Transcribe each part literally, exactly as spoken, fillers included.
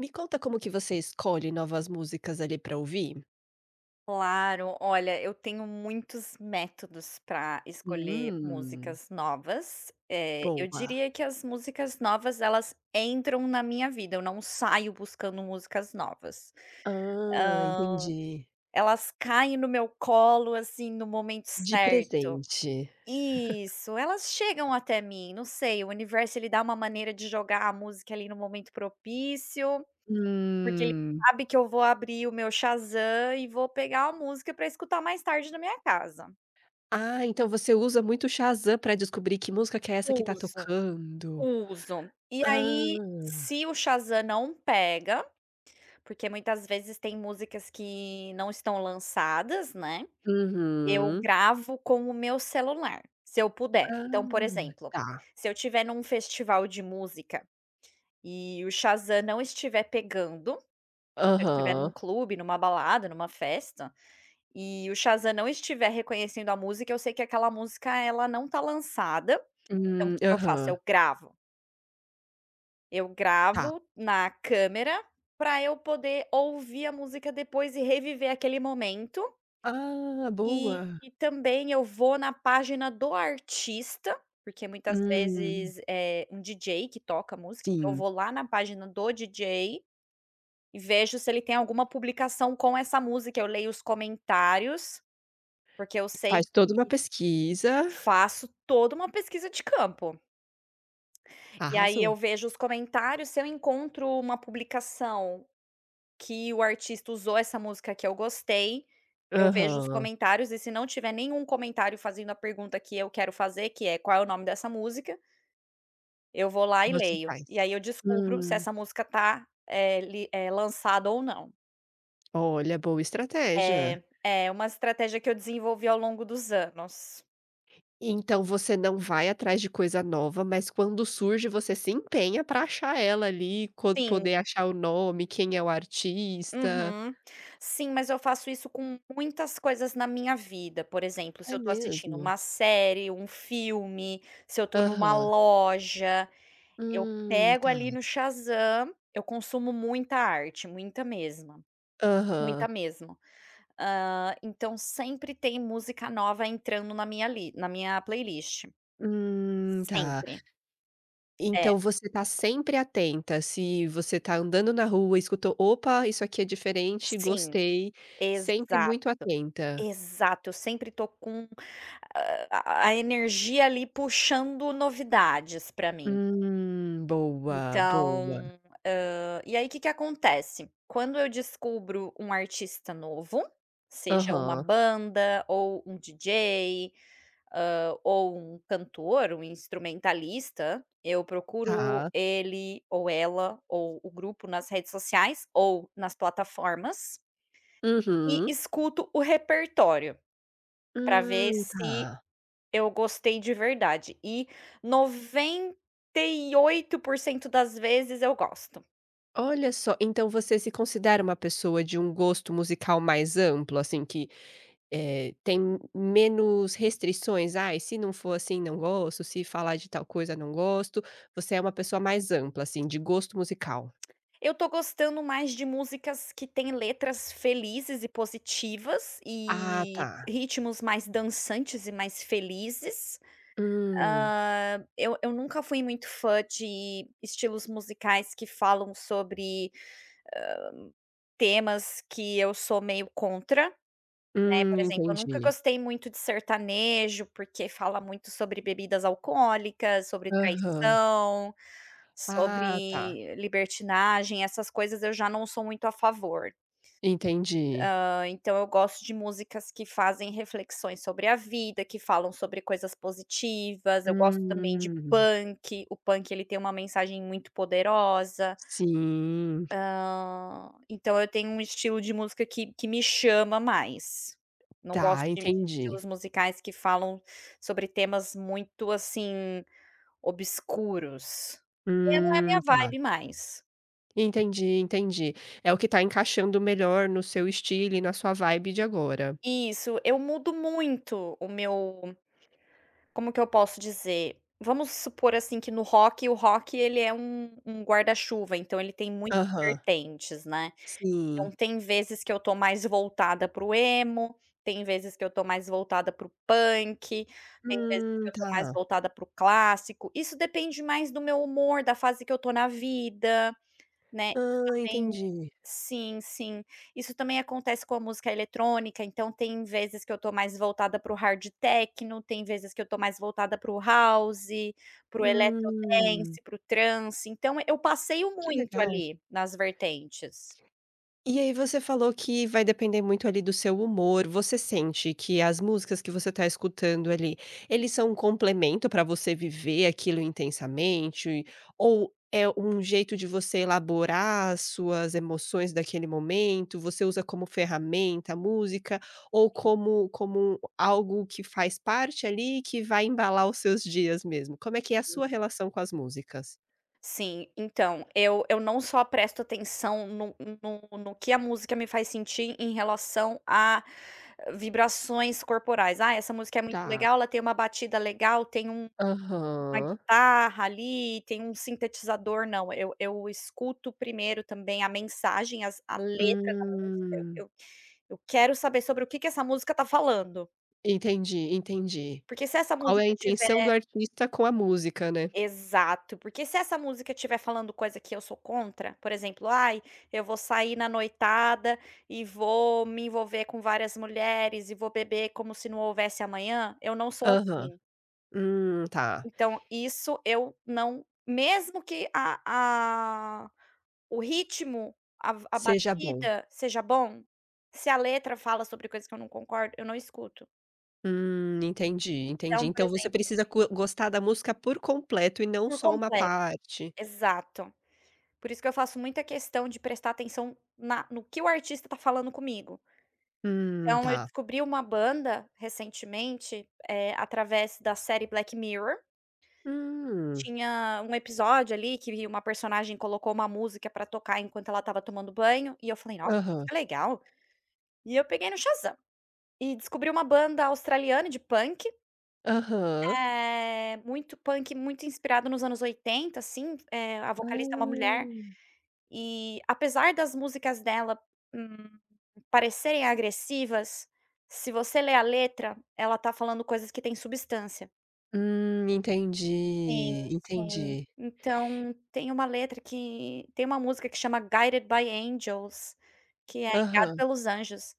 Me conta como que você escolhe novas músicas ali pra ouvir? Claro, olha, eu tenho muitos métodos para escolher Hum. músicas novas. Eh, eu Boa. diria que as músicas novas, elas entram na minha vida, eu não saio buscando músicas novas. Ah, Hã, entendi. elas caem no meu colo, assim, no momento De certo. presente. Isso, elas chegam até mim, não sei, o universo ele dá uma maneira de jogar a música ali no momento propício, porque ele Hum. sabe que eu vou abrir o meu Shazam e vou pegar a música para escutar mais tarde na minha casa. Ah, então você usa muito o Shazam pra descobrir que música que é essa que tá Uso, tocando? uso, e Ah! aí se o Shazam não pega, porque muitas vezes tem músicas que não estão lançadas, né, eu Uhum. gravo com o meu celular, se eu puder. Então, por Ah, exemplo: tá. se eu estiver num festival de música e o Shazam não estiver pegando, se eu estiver num Aham. clube, numa balada, numa festa, e o Shazam não estiver reconhecendo a música, eu sei que aquela música, ela não tá lançada. Então o Hum. que eu faço? Aham. Eu gravo. Eu Tá. gravo na câmera para eu poder ouvir a música depois e reviver aquele momento Ah, e boa. e também eu vou na página do artista, porque muitas Hum. vezes é um DJ que toca música. Então, eu Sim. vou lá na página do DJ, e vejo se ele tem alguma publicação com essa música, eu leio os comentários, porque eu sei Faz que toda uma pesquisa. Faço toda uma pesquisa de campo. E aí Arrasou. eu vejo os comentários, se eu encontro uma publicação que o artista usou essa música que eu gostei, eu vejo os Aham. comentários. E se não tiver nenhum comentário fazendo a pergunta que eu quero fazer, que é: "Qual é o nome dessa música?" Eu vou lá e Você leio, faz. e aí eu descubro se Hum. essa música tá, eh, li eh, lançada ou não. Olha, boa estratégia. É, é uma estratégia que eu desenvolvi ao longo dos anos. Então, você não vai atrás de coisa nova, mas quando surge, você se empenha para achar ela ali, co poder Sim. achar o nome, quem é o artista. Uhum, sim, mas eu faço isso com muitas coisas na minha vida, por exemplo, se É eu estou assistindo mesmo? uma série, um filme. Se eu estou em uma Aham. loja, eu Hum, pego tá. ali no Shazam, eu consumo muita arte, muita mesma muita Aham. mesmo. Hã, então sempre tem música nova entrando na li na minha playlist, Hum, tá. sempre. É. Então, você está sempre atenta, se você está andando na rua, escutou, opa, isso aqui é diferente Sim, gostei, sempre exato, muito atenta? exato. Eu sempre estou com a energia ali puxando novidades pra mim. Hum, boa, boa. Então, hã, e aí que que acontece. Quando eu descubro um artista novo, seja uma Aham. banda ou um dj, hã, ou um cantor, um instrumentalista. Eu procuro Tá. ele ou ela, ou o grupo nas redes sociais ou nas plataformas e Uhum. escuto o repertório, para ver Hum, se tá. eu gostei de verdade, e noventa e oito por cento das vezes eu gosto. Olha só, então você se considera uma pessoa de um gosto musical mais amplo assim, que, eh, tem menos restrições, ai, se não for assim não gosto, se falar de tal coisa, não gosto. Você é uma pessoa mais ampla assim, de gosto musical? Eu estou gostando mais de músicas que têm letras felizes e positivas, Ah, e, tá. ritmos mais dançantes e mais felizes. Hum. Hã, eu eu nunca fui muito fã de estilos musicais que falam sobre, hã, temas que eu sou meio contra, né. Hum, Por exemplo, eu nunca entendi. gostei muito de sertanejo, porque fala muito sobre bebidas alcoólicas, sobre Aham. traição, Ah, tá. sobre libertinagem. Essas coisas eu já não sou muito a favor. Entendi. Hã, então eu gosto de músicas que fazem reflexões sobre a vida, que falam sobre coisas positivas, eu gosto também de Hum. punk, o punk ele tem uma mensagem muito poderosa. Sim. Hã, então eu tenho um estilo de música, que que me chama mais, não Tá, gosto de entendi. estilos musicais que falam sobre temas muito assim, obscuros, e não é Hum minha tá. vibe mais. Entendi, entendi. É o que tá encaixando melhor no seu estilo e na sua vibe de agora. Isso, eu mudo muito o meu como que eu posso dizer? Vamos supor, assim, que no rock o rock ele é um um guarda-chuva, então, ele tem muitas Aham. vertentes, né, então Sim. tem vezes que eu tô mais voltada para o emo, tem vezes que eu tô mais voltada para o punk, tem vezes que Hum. eu tô mais Tá. voltada para o clássico. Isso depende mais do meu humor, da fase que eu tô na vida, né. Isso Hã. também. Entendi. Sim, sim. Isso também acontece com a música eletrônica, então, tem vezes que eu tô mais voltada para o hard techno, tem vezes que eu tô mais voltada para o house, para o electro Hum. dance, para o trance, então, eu passeio Que muito legal. ali, nas vertentes. E aí, você falou que vai depender muito, ali, do seu humor. Você sente que as músicas que você tá escutando ali, eles são complemento pra você viver aquilo intensamente? Ou é um jeito de você elaborar as suas emoções daquele momento? Você usa como ferramenta a música? Ou Sim. como como algo que faz parte, ali, que vai embalar os seus dias mesmo? Como é que é a Sim. sua relação com as músicas? Sim. Então, eu eu não só presto atenção no no no que a música me faz sentir em relação a vibrações corporais. "Ah, essa música é muito Tá. legal, ela tem uma batida legal, tem um uma Aham. guitarra, ali, tem um sintetizador". Não, eu eu escuto, primeiro também, a mensagem, as a letra da música. Hum. Eu eu eu quero saber sobre o que que essa música está falando. Entendi, entendi. Porque se essa Qual é a musica tiver intenção do artista com a música, né. Exato. Porque se essa música tiver falando coisa que eu sou contra, por exemplo, "Ai, eu vou sair na noitada, e vou me envolver com várias mulheres, e vou beber como se não houvesse amanhã", eu não sou Aham. assim. Hum, tá. Então, isso eu não mesmo que a a o ritmo, a v a Seja bom. batida seja bom, se a letra fala sobre coisas que eu não concordo, eu não escuto. Hum, entendi, Entao, entendi. por Então você exemplo precisa cu gostar da música por completo, e não Por só uma completo. parte. Exato. Por isso que eu faço muita questão de prestar atenção na no que o artista está falando comigo. Hum, Então, eu tá. descobri uma banda, recentemente, eh, através da série Black Mirror. Hum. Tinha um episódio, ali, que uma personagem colocou uma música pra tocar, enquanto ela estava tomando banho, e eu falei: "Nossa, que música Aham. que legal". E eu peguei no Shazam. E descobri uma banda australiana de punk. Aham. Eh, muito punk muito inspirado nos anos oitenta, assim, eh, a vocalista é uma mulher. Ah. E, apesar das músicas dela, hum, parecerem agressivas, se você lê a letra, ela está falando coisas que têm substância. Hum, Sim, entendi. sim. Entendi. Então tem uma letra que tem uma música que chama Guided By Angels, que é Guiado Aham. Pelos Anjos,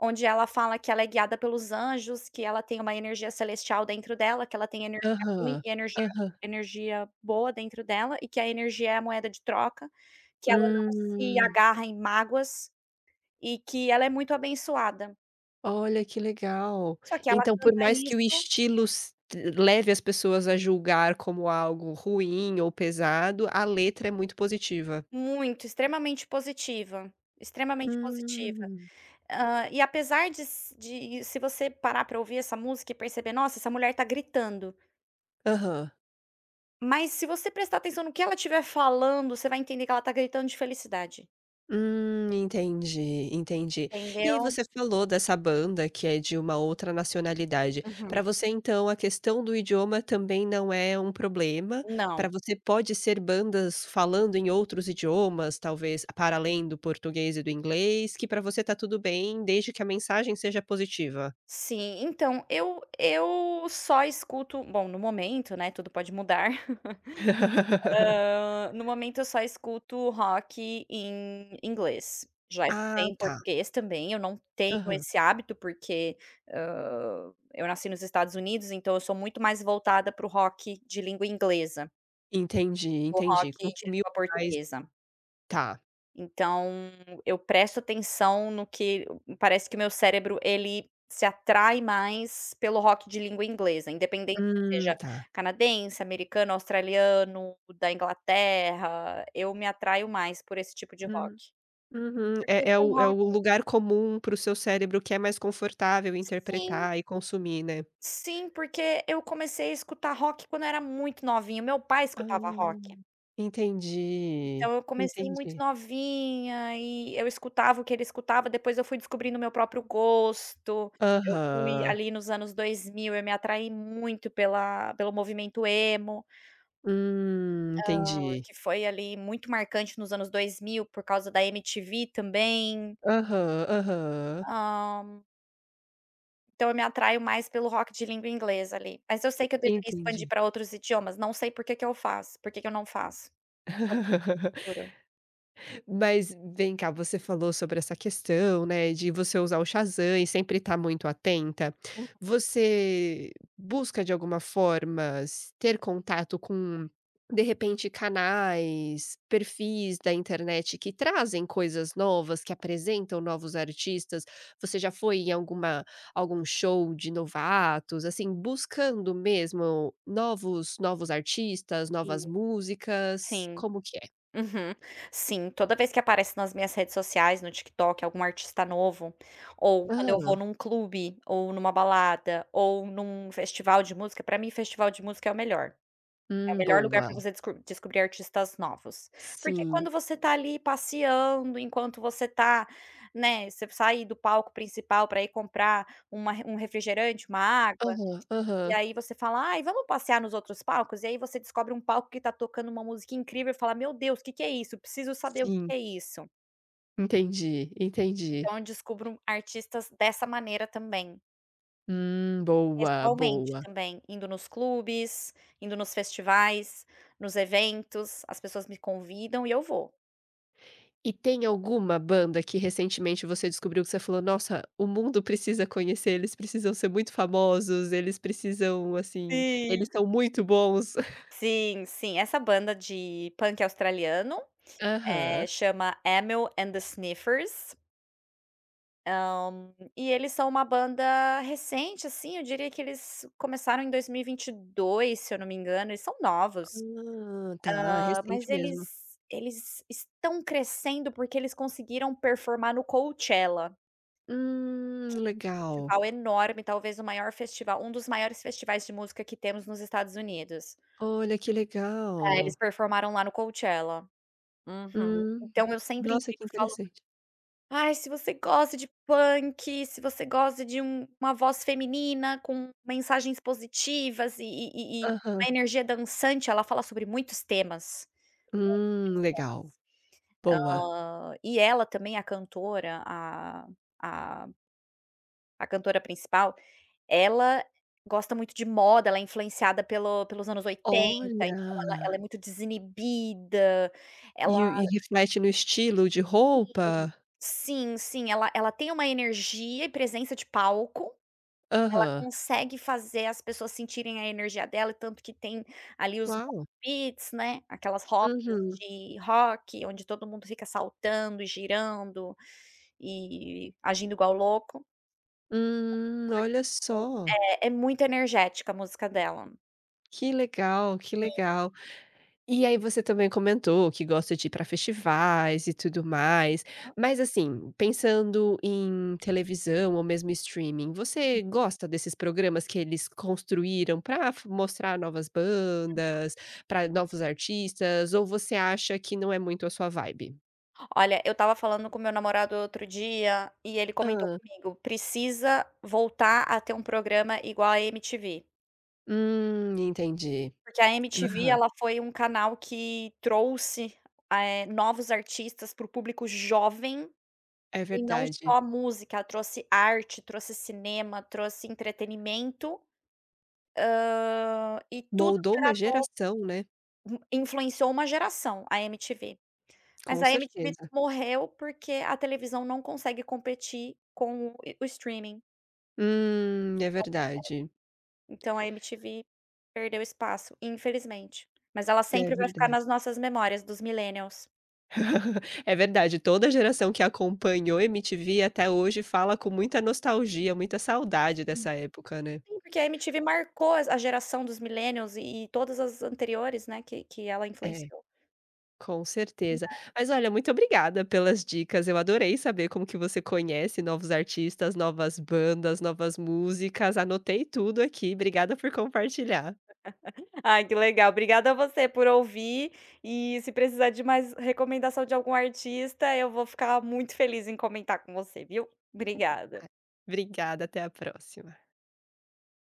onde ela fala que ela é guiada pelos anjos, que ela tem uma energia celestial dentro dela, que ela tem energia ruim Aham. e energia Aham. energia boa dentro dela, e que a energia é a moeda de troca, que ela não se Hum. agarra em mágoas, e que ela é muito abençoada. Olha, que legal. Só que ela Então, por canta mais que o isso. estilo s leve as pessoas a julgar como algo ruim ou pesado, a letra é muito positiva. Muito, extremamente positiva, extremamente positiva. Hum. Hã, e apesar de s de se você parar pra ouvir essa música e perceber: "Nossa, essa mulher tá gritando." Aham. Mas se você prestar atenção no que ela estiver falando, você vai entender que ela está gritando de felicidade. Hum, entendi, entendi. E aí Entendeu? você falou dessa banda que é de uma outra nacionalidade, Uhum. para você, então, a questão do idioma também não é um problema, Não. pra você pode ser bandas falando em outros idiomas, talvez para além do português e do inglês, que pra você está tudo bem, desde que a mensagem seja positiva? Sim. Então, eu eu só escuto bom no momento, né, tudo pode mudar. Hã, no momento, eu só escuto rock em inglês, já escutei Ah em tá. português também, eu não tenho Aham. esse hábito, porque, hã, eu nasci nos Estados Unidos, então eu sou muito mais voltada pro rock de língua inglesa Entendi, que o entendi. rock de Consumiu língua mais portuguesa. tá. Então, eu presto atenção no que hum hum, parece que meu cérebro ele se atrai mais pelo rock de língua inglesa, independente se Hum, seja tá. canadense, americano, australiano, da Inglaterra, eu me atraio mais por esse tipo de rock. Hum, uhum. Porque É é foi o é o rock lugar comum pro seu cérebro que é mais confortável Sim. interpretar e consumir, né? Sim, porque eu comecei a escutar rock quando era muito novinha, meu pai Ah. escutava rock. Entendi, Então, eu comecei muito entendi. novinha e eu escutava o que ele escutava, depois eu fui descobrindo o meu próprio gosto. Eu fui Aham. ali nos anos dois mil, eu me atraí muito pela pelo movimento emo. Hum. Hã, Entendi. que foi ali muito marcante nos anos dois mil por causa da MTV também. Aham, aham. Hã. Então, eu me atraio mais pelo rock de língua inglesa ali. Mas eu sei En que eu deveria expandir entendi. pra outros idiomas, não sei por que que eu faço, por que que eu não faço. [unintelligible] Mas, vem cá, você falou sobre essa questão, né, de você usar o Shazam e sempre estar muito atenta, Uhum. você busca de alguma forma s ter contato com, de repente, canais, perfis da internet que trazem coisas novas, que apresentam novos artistas? Você já foi em alguma algum show de novatos, assim, buscando mesmo novos novos artistas, novas Sim, músicas? sim. Como que é? Uhum. Sim, toda vez que aparece nas minhas redes sociais, no TikTok, algum artista novo, ou quando eu vou Hã. num clube, ou numa balada, ou num festival de música, pra mim festival de música é o melhor. É o Hum, melhor lugar boa. pra você desco descobrir artistas novos. Porque Sim. quando você tá ali passeando, enquanto você tá, né, você sair do palco principal pra ir comprar uma um refrigerante, uma água, Aham, e aham. aí você fala: "Ai, vamos passear nos outros palcos?" E aí você descobre um palco que está tocando uma música incrível e fala: "Meu Deus! Que que é isso? Eu preciso saber o Sim. que é isso." Entendi, entendi. Então, eu descubro artistas dessa maneira também. Hum, boa, Pessoalmente boa. também, indo nos clubes, indo nos festivais, nos eventos. As pessoas me convidam e eu vou. E tem alguma banda que recentemente você descobriu que você falou: "Nossa! O mundo precisa conhecer, eles precisam ser muito famosos, eles precisam, assim, Sim! eles são muito bons"? Sim, sim. Essa banda de punk australiano, Aham. eh, chama Amyl and the Sniffers hã, e eles são uma banda recente, assim, eu diria que eles começaram em dois mil e vinte e dois, se eu não me engano, eles são novos. Ah, tá. É Hã, mas recente mesmo. eles eles estão crescendo, porque eles conseguiram performar no Coachella Hum, que é um legal. festival enorme, talvez o maior festival um dos maiores festivais de música que temos nos Estados Unidos. Olha, que É, legal. eles performaram lá no Coachella. Uhum. Hum. Então, eu sempre Nossa, que indico e falo: interessante. "Ai, se você gosta de punk, se você gosta de um uma voz feminina com mensagens positivas e e e e uma Aham. energia dançante." Ela fala sobre muitos temas, Hum, legal. muitos, Boa. muitos temas. Hã, e ela, também, a cantora a a a cantora principal, ela gosta muito de moda, ela é influenciada pelo pelos anos oitenta, então, ela Olha. ela é muito desinibida, ela E o e reflete no estilo de Sim, roupa? sim, sim, ela ela tem uma energia e presença de palco, ela Aham. consegue fazer as pessoas sentirem a energia dela. É tanto que tem, ali os mosh Uau! pits, né, aquelas rodas Uhum. de rock onde todo mundo fica saltando e girando e agindo igual louco. Hum, olha só! [unintelligible] é é muito energética a música dela. Que legal, que Sim. legal, e aí você também comentou que gosta de ir para festivais e tudo mais, Aham. mas assim, pensando em televisão ou mesmo streaming, você Uhum. gosta desses programas que eles construíram pra f mostrar novas Uhum. bandas, pra novos artistas, ou você acha que não é muito a sua vibe? Olha, eu estava falando com meu namorado outro dia, e ele comentou Hã. comigo, precisa voltar a ter programa igual a MTV. Hum, entendi. Porque a MTV, Aham. ela foi canal que trouxe, eh, novos artistas pro público jovem, É e não só verdade. a música, trouxe arte, trouxe cinema, trouxe entretenimento, hã, e tudo Moldou que era uma novo. geração, né? Influenciou uma geração, a MTV mas Com a MTV certeza. morreu porque a televisão não consegue competir com o streaming. Hum, é Não consegue, verdade. então a MTV perdeu espaço, infelizmente, mas ela É sempre vai ficar verdade. nas nossas memórias dos millenials. É verdade, toda geração que acompanhou a MTV até hoje fala com muita nostalgia, muita saudade Sim, dessa época, né? sim porque a MTV marcou a geração dos millennials e todas as anteriores, né, que que ela É, influenciou. com Né. certeza, mas olha, muito obrigada pelas dicas, eu adorei saber como que você conhece novos artistas, novas bandas, novas músicas, anotei tudo aqui, obrigada por compartilhar. Ai que legal obrigada você por ouvir, e se precisar de mais recomendação de algum artista, eu vou ficar muito feliz em comentar com você viu? [unintelligible] Obrigada. ,obrigada, até a próxima.